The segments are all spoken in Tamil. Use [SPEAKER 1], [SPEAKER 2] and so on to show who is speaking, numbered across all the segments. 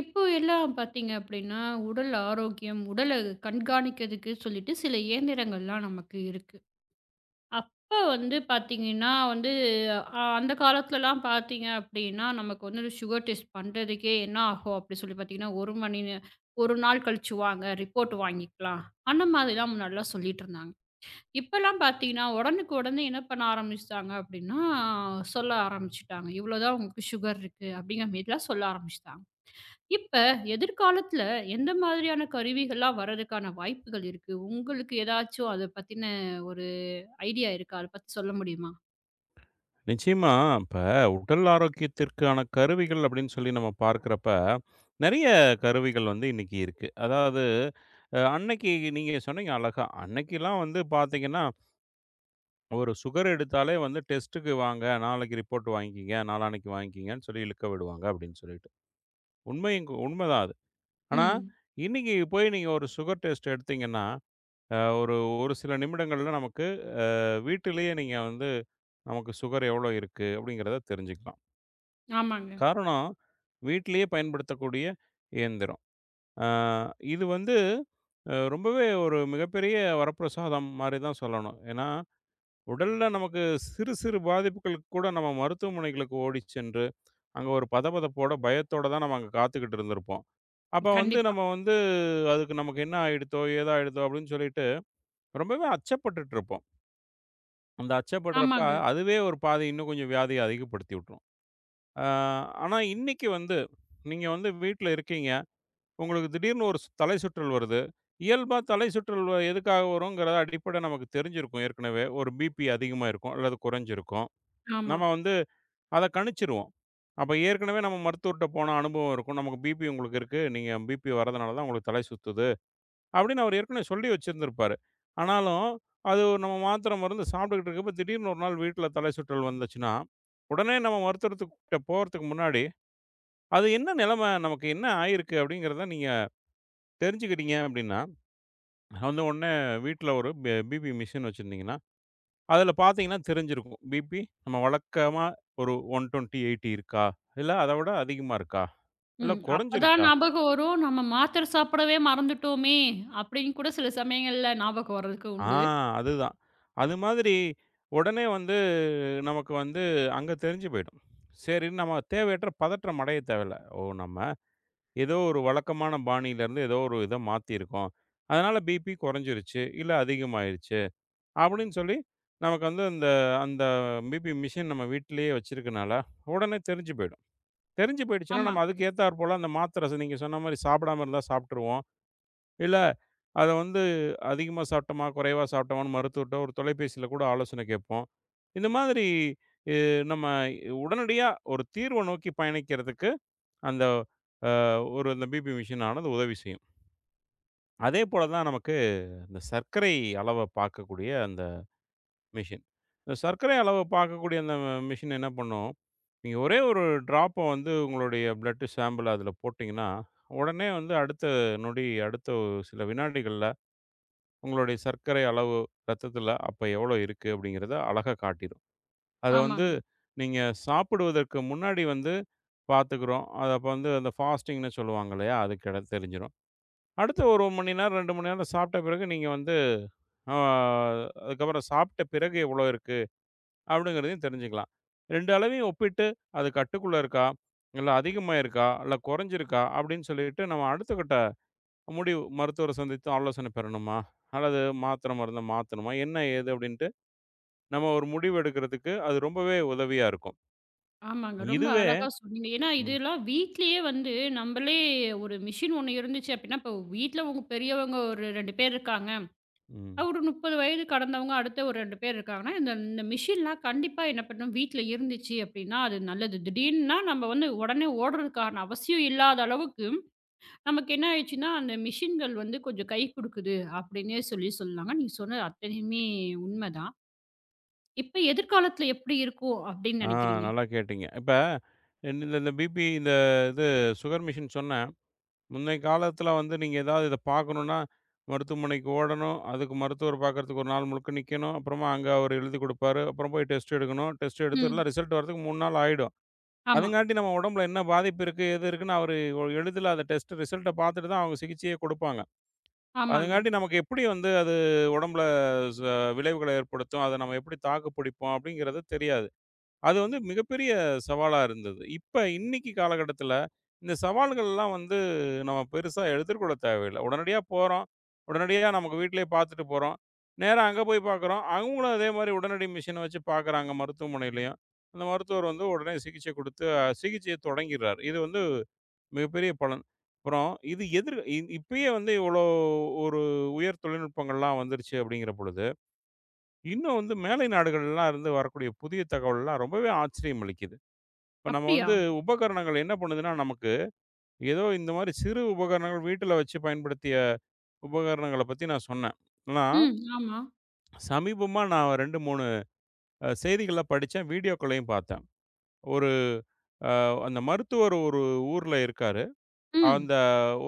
[SPEAKER 1] இப்போ எல்லாம் பாத்தீங்க அப்படின்னா, உடல் ஆரோக்கியம், உடலை கண்காணிக்கிறதுக்கு சொல்லிட்டு சில இயந்திரங்கள்லாம் நமக்கு இருக்கு. அப்ப வந்து பார்த்தீங்கன்னா வந்து அ அந்தக் காலத்துலலாம் பாத்தீங்க அப்படின்னா, நமக்கு வந்து சுகர் டெஸ்ட் பண்றதுக்கே என்ன ஆகும் அப்படி சொல்லி பாத்தீங்கன்னா, 1 மணி நேரம், "1 நாள் கழிச்சு வாங்க ரிப்போர்ட் வாங்கிக்கலாம்." அந்த மாரிலாம் முன்னாடியெல்லாம் சொல்லிட்டு இருந்தாங்க. இப்ப எல்லாம் பார்த்தீங்கன்னா, உடனுக்கு உடனே என்ன பண்ண ஆரம்பிச்சுட்டாங்க அப்படின்னா, சொல்ல ஆரம்பிச்சுட்டாங்க. இவ்வளவு தான் உங்களுக்கு சுகர் இருக்கு அப்படிங்கற மாரிலாம் சொல்ல ஆரம்பிச்சுட்டாங்க. இப்ப எதிர்காலத்துல எந்த மாதிரியான கருவிகள்லாம் வர்றதுக்கான வாய்ப்புகள் இருக்கு? உங்களுக்கு எதாச்சும் அத பத்தின ஒரு ஐடியா இருக்கா? அத பத்தி சொல்ல முடியுமா?
[SPEAKER 2] நிச்சயமா. இப்ப உடல் ஆரோக்கியத்திற்கான கருவிகள் அப்படின்னு சொல்லி நம்ம பார்க்குறப்ப, நிறைய கருவிகள் வந்து இன்னைக்கு இருக்கு. அதாவது அ அன்னைக்கு நீங்க சொன்னீங்க அழகா. அன்னைக்கெல்லாம் வந்து பாத்தீங்கன்னா ஒரு சுகர் எடுத்தாலே வந்து டெஸ்ட்க்கு வாங்க, "நாளைக்கு ரிப்போர்ட் வாங்கிக்கங்க. நாளான்னைக்கு வாங்கிக்கங்கன்னு சொல்லி இழுக்க விடுவாங்க." அப்படின்னு சொல்லிட்டு, உண்மையும் கூ உண்மைதான் அது. ஆனா
[SPEAKER 1] ம்.
[SPEAKER 2] இன்னைக்கு போய் நீங்க ஒரு சுகர் டெஸ்ட் எடுத்தீங்கன்னா, அ ஒரு ஒரு சில நிமிடங்கள்ல நமக்கு, அ வீட்டிலயே நீங்க வந்து நமக்கு சுகர் எவ்வளவு இருக்கு அப்படிங்கிறதை தெரிஞ்சுக்கலாம்.
[SPEAKER 1] ஆமாங்க.
[SPEAKER 2] காரணம் வீட்லயே பயன்படுத்தக்கூடிய இயந்திரம். ஆ, இது வந்து ரொம்பவே ஒரு மிகப்பெரிய வரப்பிரசாதம் மாரி தான் சொல்லணும். ஏன்னா உடல்ல நமக்குச் சிறு சிறு பாதிப்புகளுக்குக் கூட நாம மருத்துவமனைகளுக்கு ஓடிச் சென்று, அங்க ஒரு பத பதப்போட, பயத்தோட தான் நாம அங்க காத்துகிட்டு இருந்திருப்போம். அப்ப வந்து
[SPEAKER 1] கண்டிப்பா.
[SPEAKER 2] நம்ம வந்து அதுக்கு நமக்கு என்னாயிடுத்தோ? ஏதாயிடுத்தோ? அப்டின்னு சொல்லிட்டு ரொம்பவே அச்சப்பட்டுட்டிருப்போம். அந்த அச்சப்படுறப்ப,
[SPEAKER 1] ஆமாங்க.
[SPEAKER 2] அதுவே ஒரு பாதி இன்னும் கொஞ்சம் வியாதிய அதிகப்படுத்திவிட்ரும். ஆ, ஆனா இன்னைக்கு வந்து நீங்க வந்து வீட்ல இருக்கீங்க. உங்களுக்குத் திடீர்னு ஒரு சு தலைசுற்றல் வருது. இயல்பா தலைசுற்றல் எதுக்காக வரும்கிற அடிப்பட நமக்குத் தெரிஞ்சிருக்கும். ஏற்கனவே, ஒரு பிபி அதிகமா இருக்கும் அல்லது கொறஞ்சிருக்கும். நம்ம
[SPEAKER 1] ஆமா.
[SPEAKER 2] வந்து அதக் கணிச்சுருவோம். அப்ப ஏற்கனவே நம்ம மருத்துவர்ட்ட போன அனுபவம் இருக்கும். நமக்கு பிபி உங்களுக்கு இருக்கு. நீங்க பிபி வர்றதுனால தான் உங்களுக்குத் தலை சுத்துது அப்டின்னு அவர் ஏற்கனவே சொல்லி வச்சிருந்திருப்பாரு. ஆனாலும் அது நம்ம மாத்திர, மருந்து சாப்பிட்டுட்டு இருக்கிறப்ப, திடீர்னு ஒரு நாள் வீட்ல தலைசுற்றல் வந்துச்சுன்னா, உடனே நம்ம மருத்துவர்கிட்ட போறதுக்கு முன்னாடி, அது என்ன நெலம? நமக்கு என்ன ஆயிருக்கு? அப்டிங்கிறத நீங்கத் தெரிஞ்சுக்கிட்டீங்க அப்டின்னா, வந்து உடனே வீட்ல ஒரு ப பிபி மிஷின் வச்சிருந்தீங்கனா, அதுல பாத்தீங்கன்னா தெரிஞ்சிருக்கும். பிபி நம்ம வழக்கமா ஒரு 120 80 இருக்கா, இல்ல அதவிட அதிகமா இருக்கா? இல்ல
[SPEAKER 1] ம். அப்பதான்
[SPEAKER 2] கொறஞ்சிருக்கா?
[SPEAKER 1] ஞாபகம் வரும். நம்ம மாத்திர சாப்பிடவே மறந்துட்டோமே! அப்டின்னு கூட சில சமயங்கள்ல ஞாபகம் வர்றதுக்கு
[SPEAKER 2] ஆ,
[SPEAKER 1] உண்டு.
[SPEAKER 2] அது தான். அது மாதிரி உடனே வந்து, நமக்கு வந்து அங்க தெரிஞ்சு போயிடும். சரின்னு நம்ம தேவையற்ற பதற்றமடைய தேவையில்ல. ஓ! நம்ம ஏதோ ஒரு வழக்கமான பாணியில இருந்து, ஏதோ ஒரு இத மாத்தி இருக்கோம். அதனால பிபி கொறஞ்சுருச்சு இல்ல அதிகமாயிருச்சு அப்டின்னு சொல்லி நமக்கு அந்த அந்த பிபி மெஷின் நம்ம வீட்லயே வச்சிருக்கனால உடனே தெரிஞ்சு போயிடும். தெரிஞ்சு போயிடுச்சுன்னா,
[SPEAKER 1] ஆமா.
[SPEAKER 2] நம்ம அதுக்கு ஏத்தாற்போல அந்த மாத்திர நீங்கச் சொன்ன மாதிரி சாப்பிடாம இருந்தா சாப்ட்ருவோம். இல்ல அத வந்து அதிகமா சாப்டோம்மா குறைவா சாப்டோம்மா மருத்துவர்ட்ட ஒரு தொலைபேசியில கூட ஆலோசனை கேட்போம். இந்த மாதிரி இ நம்ம உடனடியா ஒரு தீர்வு நோக்கிப் பயணிக்கிறதுக்கு, அந்த அ ஒரு அந்த பிபி மிஷின்னானது உதவி செய்யும். அதே போல தான் நமக்கு இந்த சர்க்கரை அளவைப் பார்க்கக்கூடிய அந்த மெஷின். சர்க்கரை அளவைப் பார்க்கக்கூடிய அந்த மெஷின் என்ன பண்ணும்? நீங்க ஒரே 1 டிராப்ப வந்து உங்களோட பிளட் சாம்பிள் அதுல போட்டீங்கன்னா, உடனே வந்து அடுத்த நொடி. அடுத்த சில வினாடிகள்ல உங்களோட சர்க்கரை அளவு ரத்தத்துல அப்ப எவ்வளோ இருக்கு அப்டிங்கிறத அழகா காட்டிரும். அத வந்து
[SPEAKER 1] ஆமாங்க.
[SPEAKER 2] நீங்கச் சாப்பிடுவதற்கு முன்னாடி வந்து பாத்துக்கிறோம். அத அப்ப வந்து அந்த பாஸ்ட்டீங்ன்னு சொல்லுவாங்க இல்லையா? அதுகிட தெரிஞ்சுரும். அடுத்த 1 மணி நேரம், 2 மணி நேரம் சாப்பிட்ட பிறகு நீங்க வந்து ஆ அதுக்கப்புறம் சாப்பிட்ட பிறகு எவ்வளோ இருக்கு அப்டிங்கிறதையும் தெரிஞ்சுக்கலாம். 2 அளவையும் ஒப்பிட்டு அது கட்டுக்குள்ள இருக்கா? இல்ல அதிகமாயிருக்கா? இல்ல கொறஞ்சிருக்கா? அப்டின்னு சொல்லிட்டு நம்ம அடுத்த கட்ட முடிவு மருத்துவர சந்தித்து ஆலோசன பெறணுமா? அல்லது மாத்திர, மருந்த மாத்தணுமா? என்ன ஏது அப்டின்ட்டு நம்ம ஒரு முடிவு எடுக்குறதுக்கு அது ரொம்பவே உதவியா இருக்கும்.
[SPEAKER 1] ஆமங்க. ரொம்ப
[SPEAKER 2] இதுவே
[SPEAKER 1] அழகா சொன்னீங்க. ஏன்னா
[SPEAKER 2] ம்.
[SPEAKER 1] இதெல்லாம் வீட்டிலயே வந்து நம்மளே ஒரு மெஷின் ஒண்ணு இருந்துச்சு அப்படினா, இப்போ வீட்ல பெரியவங்க ஒரு 2 பேர் இருக்காங்க.
[SPEAKER 2] ம்.
[SPEAKER 1] ஒரு 30 வயது கடந்தவங்க அடுத்த ஒரு 2 பேர் இருக்காங்கன்னா இந்தந்த மிஷின்லாம் கண்டிப்பா என்ன பண்ணும்? வீட்டுல இருந்துச்சி அப்டின்னா அது நல்லது. திடீர்னா நம்ம வந்து உடனே ஓட்றதுக்கான அவசியம் இல்லாத அளவுக்கு, நமக்கு என்ன ஆயிடுச்சுன்னா, அந்த மெஷின்கள் வந்து கொஞ்சம் கைக்குடுக்குது அப்படின்னே சொல்லிச் சொல்லாங்க. நீங்கச் சொன்ன அத்தனையுமே உண்ம தான். இப்ப, எதிர்காலத்துல எப்படி இருக்கும் அப்டின்னு
[SPEAKER 2] ஆ,
[SPEAKER 1] நெனைக்கிறீங்க?
[SPEAKER 2] நல்லா கேட்டீங்க. இப்ப இந்தந்த பிபி இந்த இது சுகர் மிஷின் சொன்னேன். முன்னை காலத்துல வந்து நீங்க எதாவது இத பாக்கணும்னா மருத்துவமனைக்கு ஓடணும். அதுக்கு மருத்துவர் பாக்குறதுக்கு 1 நாள் முழுக்க நிக்கணும். அப்புறமா அங்க அவரு எழுதிக் குடுப்பாரு. அப்புறம் போய் டெஸ்ட் எடுக்கணும். டெஸ்ட் எடுத்த
[SPEAKER 1] ம்.
[SPEAKER 2] ரிசல்ட் வர்றதுக்கு 3 நாள் ஆயிடும்.
[SPEAKER 1] ஆமா.
[SPEAKER 2] அதுங்காட்டி நம்ம ஒடம்புல என்ன பாதிப்பு இருக்கு? ஏது இருக்குன்னு அவரு எளிதுல அந்த டெஸ்ட் ரிசல்ட் பாத்துட்டு தான் அவங்க சிகிச்சையே குடுப்பாங்க.
[SPEAKER 1] ஆமாங்க.
[SPEAKER 2] அதுங்காண்டி நமக்கு எப்படி வந்து அது ஒடம்புல ச விளைவுகள ஏற்படுத்தும்? அத நம்ம எப்படி தாக்கு பிடிப்போம்? அப்டிங்கிறது தெரியாது. அது வந்து மிகப்பெரிய சவாலா இருந்தது. இப்ப இன்னைக்கு காலகட்டத்துல இந்தச் சவால்கள்லாம் வந்து நம்ம பெருசா எடுத்துக்கொள்ளத் தேவையில்ல. உடனடியா போறோம். உடனடியா நமக்கு வீட்லயே பாத்துட்டு போறோம். நேரா அங்க போய் பாக்குறோம். அவங்களும் அதே மாரி உடனடி மிஷின் வச்சு பாக்குறாங்க மருத்துவமனையிலும். அந்த மருத்துவர் வந்து உடனே சிகிச்சை குடுத்து சிகிச்சையத் தொடங்கிர்றாரு. இது வந்து மிகப்பெரிய பலன். அப்புறம் இது எதிர் இ இப்பயே வந்து இவ்ளோ ஒரு உயர் தொழில்நுட்பங்கள்லாம் வந்துருச்சு அப்படிங்கிற பொழுது இன்னும் வந்து மேலை நாடுகள்லாம் இருந்து வரக்கூடிய புதிய தகவல்லாம் ரொம்பவே ஆச்சரியம் அளிக்குது. இப்ப நம்ம
[SPEAKER 1] அப்டியா?
[SPEAKER 2] வந்து உபகரணங்கள் என்ன பண்ணுதுன்னா நமக்கு, ஏதோ இந்த மாதிரி சிறு உபகரணங்கள் வீட்டுல வச்சு பயன்படுத்திய உபகரணங்களப் பத்தி நான் சொன்னேன். ஆனா,
[SPEAKER 1] ம். ஆமா.
[SPEAKER 2] சமீபமா நான் 2, 3 அ செய்திகளப் படிச்சேன். வீடியோகள்ளயும் பார்த்தேன். ஒரு அ அந்த மருத்துவர் ஒரு ஊர்ல இருக்காரு.
[SPEAKER 1] ம்.
[SPEAKER 2] அந்த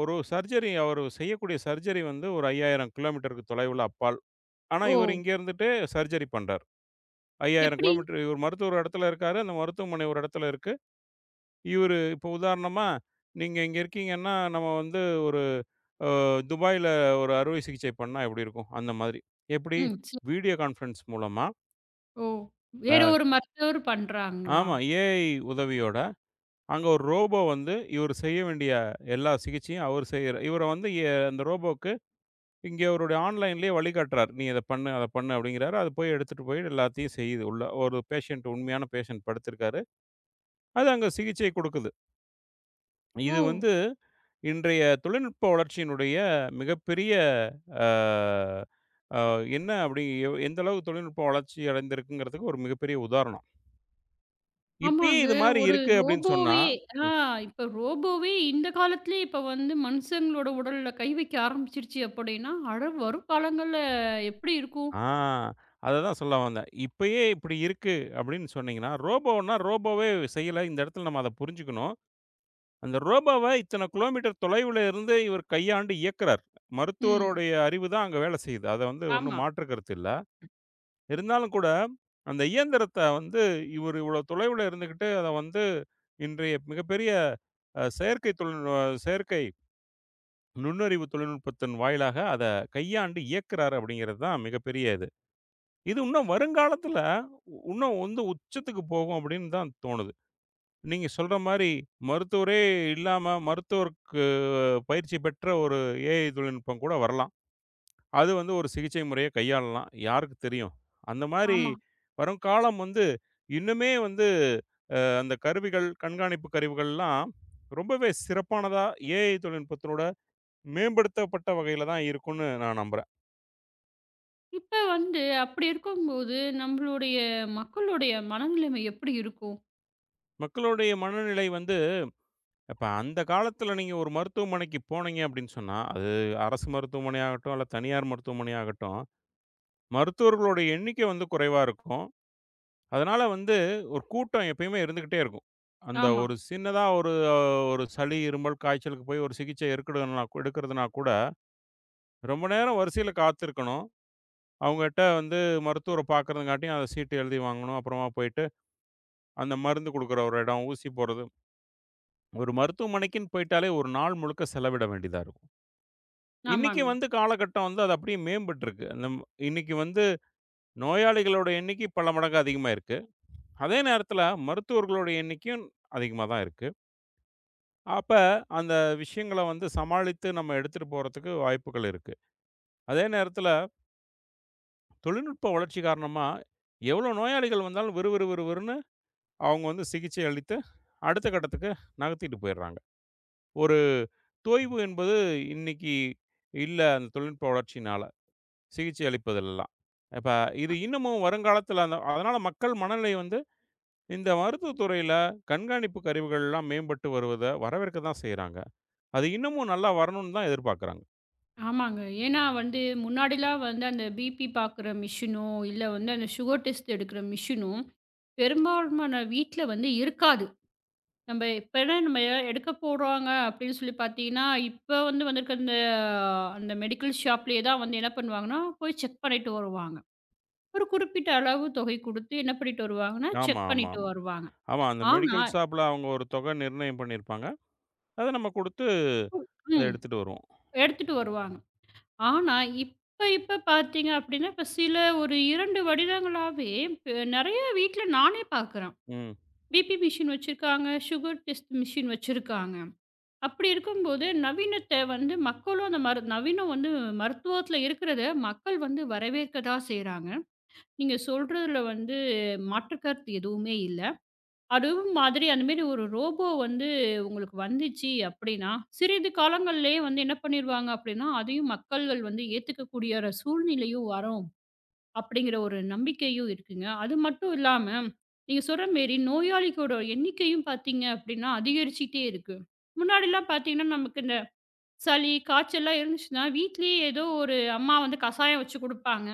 [SPEAKER 2] ஒரு சர்ஜரி அவரு செய்யக்கூடிய சர்ஜரி வந்து ஒரு 5000 கிலோமீட்டர் தொலைவுள அப்பால். ஆனா, இவரு
[SPEAKER 1] ஓ!
[SPEAKER 2] இங்க இருந்துட்டு சர்ஜரி பண்றாரு. 5000
[SPEAKER 1] எப்படி?
[SPEAKER 2] கிலோமீட்டர் ஒரு மருத்துவர் ஒரு இடத்துல இருக்காரு. அந்த மருத்துவமனை ஒரு இடத்துல இருக்கு. இவரு இப்ப உதாரணமா நீங்க இங்க இருக்கீங்கன்னா நம்ம வந்து அ ஒரு துபாய்ல ஒரு அறுவை சிகிச்சை பண்ணா எப்படி இருக்கும், அந்த மாதிரி. எப்படி
[SPEAKER 1] ம். ச
[SPEAKER 2] வீடியோ கான்பரன்ஸ் மூலமா?
[SPEAKER 1] ஓ. வேற
[SPEAKER 2] அ.
[SPEAKER 1] ஒரு மருத்துவர் பண்றாங்களா?
[SPEAKER 2] ஆமா, ஏஐ உதவியோட அங்க ஒரு ரோபோ வந்து இவரு செய்ய வேண்டிய எல்லா சிகிச்சையும் அவரு செய்யற இவரு வந்து அந்த ரோபோக்கு இங்க அவருடைய ஆன்லைன்லயே வலி காட்டுறார். நீ இத பண்ணு, அத பண்ணு அப்பிடிங்கிறாரு. அத போய் எடுத்துட்டு போய் எல்லாத்தையும் செய்யுது உள்ள ஒரு பேஷண்ட் உண்மையான பேஷண்ட் படுத்திருக்காரு. அது அங்க சிகிச்சை கொடுக்குது. இது
[SPEAKER 1] ஓ.
[SPEAKER 2] வந்து இன்றைய தொழில்நுட்ப வளர்ச்சியினுடைய மிகப்பெரிய அ, அ என்ன அப்படினு எந்த அளவு தொழில்நுட்ப வளர்ச்சி அடைந்துருக்குங்கிறதுக்கு ஒரு மிகப்பெரிய உதாரணம். இப்பயே
[SPEAKER 1] ஆமாங்க.
[SPEAKER 2] இது மாரி
[SPEAKER 1] ஒரு
[SPEAKER 2] இருக்கு அப்படின்னு சொன்னா
[SPEAKER 1] ரோபோவே ஆ இப்ப ரோபோவே இந்த காலத்தலே இப்ப வந்து மனுசங்காலோட உடல்ல கை வைக்க ஆரம்பிச்சுடுச்சு அப்படின்னா, அட வரும் காலங்கள்ல எப்படி இருக்கும்?
[SPEAKER 2] ஆ அத தான் சொல்ல வந்தேன். இப்பயே இப்படி இருக்கு அப்படின்னு சொன்னீங்கன்னா ரோபோனா ரோபோவே செய்யல. இந்த இடத்துல நம்ம அத புரிஞ்சுக்கணும். அந்த ரோபோவ இத்தனை கிலோமீட்டர் தொலைவுல இருந்து இவர் கையாண்டு இயக்குறார். மருத்துவரோட
[SPEAKER 1] ம்.
[SPEAKER 2] அறிவுதான் அங்க வேல செய்யுது. அது வந்து
[SPEAKER 1] ஆமா.
[SPEAKER 2] ஒண்ணும் மாற்று கருத்து இல்ல. இருந்தாலும் கூட அந்த இயந்திரத்த வந்து இவரு இவ்ளோ தொலைவுல இருந்துகிட்டு அத வந்து இன்றைய மிகப்பெரிய அ செயற்கை தொழில் அ செயற்கை நுண்ணறிவு தொழில்நுட்பத்தின் வாயிலாக அத கையாண்டு இயக்குறார் அப்படிங்கிறது தான் மிகப்பெரிய இது. இது இன்னும் வருங்காலத்துல இன்னும் உந்து உச்சத்துக்கு போகும் அப்படின்னு தான் தோணுது. நீங்க சொல்ற மாரி மருத்துவரே இல்லாம மருத்துவருக்கு பயிற்சி பெற்ற ஒரு ஏஐ தொழில்நுட்பம் கூட வரலாம். அது வந்து ஒரு சிகிச்சை முறையை கையாளலாம். யாருக்கு தெரியும்? அந்த மாரி
[SPEAKER 1] ஆமா.
[SPEAKER 2] வருங்காலம் வந்து இன்னுமே வந்து அ அந்த கருவிகள், கண்காணிப்பு கருவிகள்லாம் ரொம்பவே சிறப்பானதா ஏஐ தொழில்நுட்பத்தோட மேம்படுத்தப்பட்ட வகையில தான் இருக்குன்னு நான் நம்புறேன்.
[SPEAKER 1] இப்ப வந்து அப்டி இருக்கும்போது, நம்மளுடைய மக்களுடைய மனநிலமை எப்டி இருக்கும்?
[SPEAKER 2] மக்களுடைய மனநிலை வந்து அப்ப அந்த காலத்துல நீங்க ஒரு மருத்துவமனைக்குப் போனீங்க அப்டின்னு சொன்னா, அது அரசு மருத்துவமனை ஆகட்டும், அல்ல தனியார் மருத்துவமனை ஆகட்டும். மருத்துவர்களுடைய எண்ணிக்க வந்து குறைவா இருக்கும். அதனால வந்து ஒரு கூட்டம் எப்பயுமே இருந்துகிட்டே இருக்கும். அந்த
[SPEAKER 1] ஆமா.
[SPEAKER 2] ஒரு சின்னதா ஒரு ஒரு சளி, இருமல், காய்ச்சலுக்கு போய் ஒரு சிகிச்சை எடுக்குறனா எடுக்குறதுனா கூட, ரொம்ப நேரம் வரிசைல காத்திருக்கணும். அவுங்கட்ட வந்து மருத்துவர பாக்குறதுங்காட்டியும், அ, சீட்டு எழுதி வாங்கணும். அப்றமா போயிட்டு, அந்த மருந்து குடுக்கற ஒரு எடம், ஊசி போடுறது. ஒரு மருத்துவமனைக்குனு போயிட்டாலே, ஒரு நாள் முழுக்க செலவிட வேண்டியதா இருக்கு. இன்னைக்கு
[SPEAKER 1] ஆமாங்க.
[SPEAKER 2] வந்து காலகட்டம் வந்து அது அப்டியே மேம்பட்டுருக்கு. நம் இன்னைக்கு வந்து நோயாளிகளுடைய எண்ணிக்கை பல மடங்கு அதிகமாயிருக்கு. அதே நேரத்துல மருத்துவர்களுடைய எண்ணிக்கையும் அதிகமா தான் இருக்கு. அப்ப அந்த விஷயங்கள வந்து சமாளித்து நம்ம எடுத்துட்டு போறதுக்கு வாய்ப்புகள் இருக்கு. அதே நேரத்துல தொழில்நுட்ப வளர்ச்சி காரணமா எவ்ளோ நோயாளிகள் வந்தாலும் விறு விறு விறு விறுன்னு அவங்க வந்து சிகிச்சை அளித்து அடுத்த கட்டத்துக்கு நகர்த்திட்டு போயிறாங்க. ஒரு தொய்வு என்பது இன்னைக்கி இல்ல. அந்த தொழில்நுட்ப வளர்ச்சியினால சிகிச்சை அளிப்பதுலெல்லாம். இப்ப இது
[SPEAKER 1] அ.
[SPEAKER 2] இன்னமும் வருங்காலத்துல அதனால மக்கள் மனநிலை வந்து இந்த மருத்துவ துறையில கண்காணிப்பு கருவிகள்லாம் மேம்பட்டு வருவதை வரவேற்கதான் செய்றாங்க. அது இன்னமும் நல்லா வரணுனு தான் எதிர்பாக்கறாங்க.
[SPEAKER 1] ஆமாங்க. ஏனா வந்து முன்னாடிலாம் வந்து அந்த பிபி பாக்குற மெஷினோ இல்ல வந்து அந்த சுகர் டெஸ்ட் எடுக்குற மெஷினும் பெரும்பாலுமான வீட்டுல வந்து இருக்காது. நம்ப எப்பெல்லாம் நம்ம ஏதா எடுக்க போறோங்க அப்டின்னு சொல்லிப் பாத்தீங்கன்னா, இப்ப வந்து வந்துருக்க அந்த அந்த மெடிக்கல் ஷாப்லயே தான் வந்து என்ன பண்ணுவாங்கன்னா, போய் செக் பண்ணிட்டு வருவாங்க. ஒரு குறிப்பிட்ட அளவு தொகை கொடுத்து என்ன பண்ணிட்டு வருவாங்கன்னா,
[SPEAKER 2] ஆமா,
[SPEAKER 1] செக்
[SPEAKER 2] ஆமா,
[SPEAKER 1] பண்ணிட்டு
[SPEAKER 2] ஆமா.
[SPEAKER 1] வருவாங்க.
[SPEAKER 2] ஆமா அந்த
[SPEAKER 1] ஆனா
[SPEAKER 2] மெடிக்கல் ஷாப்ல அவங்க ஒரு தொகை நிர்ணயம் பண்ணிருப்பாங்க. அத நம்ம கொடுத்து அதை
[SPEAKER 1] ம்.
[SPEAKER 2] எடுத்துட்டு வருவோம்.
[SPEAKER 1] எடுத்துட்டு வருவாங்க. ஆனா இப்ப இப்ப பாத்தீங்க அப்டின்னா, இப்ப சில ஒரு 2 வருடங்களாவே இப்ப நிறைய வீட்டுல நானே பாக்கறேன்.
[SPEAKER 2] ம்.
[SPEAKER 1] பிபி மெஷின் வச்சிருக்காங்க, சுகர் டெஸ்ட் மெஷின் வச்சிருக்காங்க. அப்டி இருக்கும்போது நவீனத்தை வந்து மக்களும் அந்த மருந் நவீன வந்து மருத்துவத்துல இருக்கிறத மக்கள் வந்து வரவேற்கதான் செய்றாங்க. நீங்க சொல்றதுல வந்து மாற்றுக் கருத்து எதுவுமே இல்ல. அதுவும் மாதிரி அந்த மாரி ஒரு ரோபோ வந்து உங்களுக்கு வந்துச்சு அப்டின்னா சிறிது காலங்கள்லயே வந்து என்ன பண்ணிருவாங்க, அப்டின்னா அதையும் மக்கள்கள் வந்து ஏத்துக்கக்கூடியரா சூழ்நிலையும் வரும் அப்படிங்கிற ஒரு நம்பிக்கையும் இருக்குங்க. அது மட்டும் இல்லாம நீங்க சொல்ற மேரி நோயாளிக்கூட எண்ணிக்கையும் பாத்தீங்க அப்டின்னா அதிகரிச்சுக்கிட்டே இருக்கு. முன்னாடில்லாம் பாத்தீங்கன்னா, நமக்கு இந்தச் சளி, காய்ச்சல்லாம் இருந்துச்சுன்னா வீட்டிலயே ஏதோ ஒரு அம்மா வந்து கசாயம் வச்சு கொடுப்பாங்க.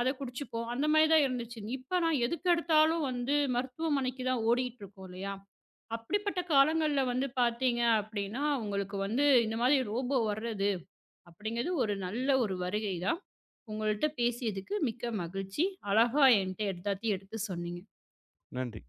[SPEAKER 1] அதக் குடிச்சுப்போம். அந்த மாரி தான் இருந்துச்சு. இப்பனா எதுக்கெடுத்தாலும் வந்து மருத்துவமனைக்கு தான் ஓடிட்டுருக்கோம் இல்லையா? அப்டிப்பட்ட காலங்கள வந்து பாத்தீங்க அப்டின்னா உங்களுக்கு வந்து இந்த மாரி ரோபோ வர்றது அப்டிங்கிறது ஒரு நல்ல ஒரு வருகை தான். உங்கள்ட்ட பேசியதுக்கு மிக்க மகிழ்ச்சி. அழகா ஏன்ட்ட எல்லாத்தையும் எடுத்துச் சொன்னீங்க.
[SPEAKER 2] நன்றி.